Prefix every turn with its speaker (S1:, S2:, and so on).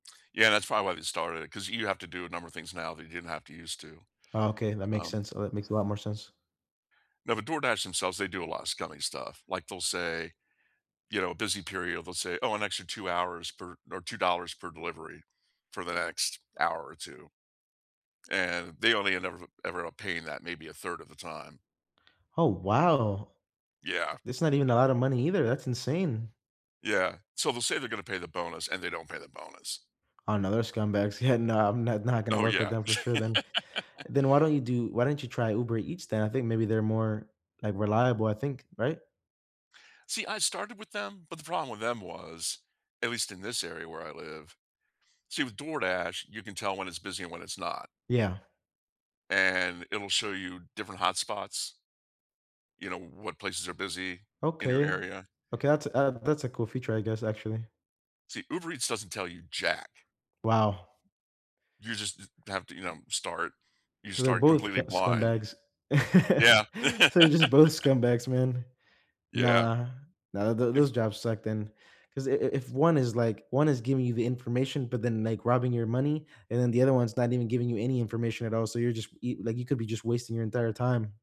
S1: Yeah, that's probably why they started it 'cause you have to do a number of things now that you didn't have to use to,
S2: Oh, okay, that makes
S1: um
S2: sense. Oh, that makes a lot more sense.
S1: Now, the DoorDash themselves, they do a lotta scummy stuff. Like, they'll say, you know, "busy period" they'll say, "Oh, an extra 2 hours for or $2 per delivery for the next hour or 2," and they only end ever ever up paying that maybe 1/3 of the time.
S2: Oh, wow.
S1: Yeah.
S2: That's not even a lotta money either, that's insane.
S1: Yeah. So, they'll say they're gonna pay the bonus and they don't pay the bonus.
S2: Another scumbags, yeah, no, I'm not not gonna
S1: Oh,
S2: work with
S1: yeah.
S2: them for sure then. Then why don't you do why don't you try Uber Eats then? I think maybe they're more, like, reliable, I think, right?
S1: See, I started with them, but the problem with them was, at least in this area where I live see with DoorDash, you can tell when it's busy and when it's not
S2: Yeah.
S1: and it'll show you different hotspots, you know, w what places are busy in your
S2: Okay.
S1: area.
S2: Okay, uh, that's a that's a cool feature, I guess, actually.
S1: See, Uber Eats doesn't tell you jack.
S2: Wow.
S1: You just st have to, you know, start you
S2: 'Cause they're
S1: start
S2: both c
S1: completely blind
S2: scumbags.
S1: Yeah.
S2: So, they're just both scumbags, man.
S1: Yeah.
S2: Nah, nah, th
S1: If
S2: those jobs suck then, 'cause i if one is, like one is giving you the information, but then, like, robbing your money, and then the other one's not even giving you any information at all, so, you're just, e like, you could be just wasting your entire time.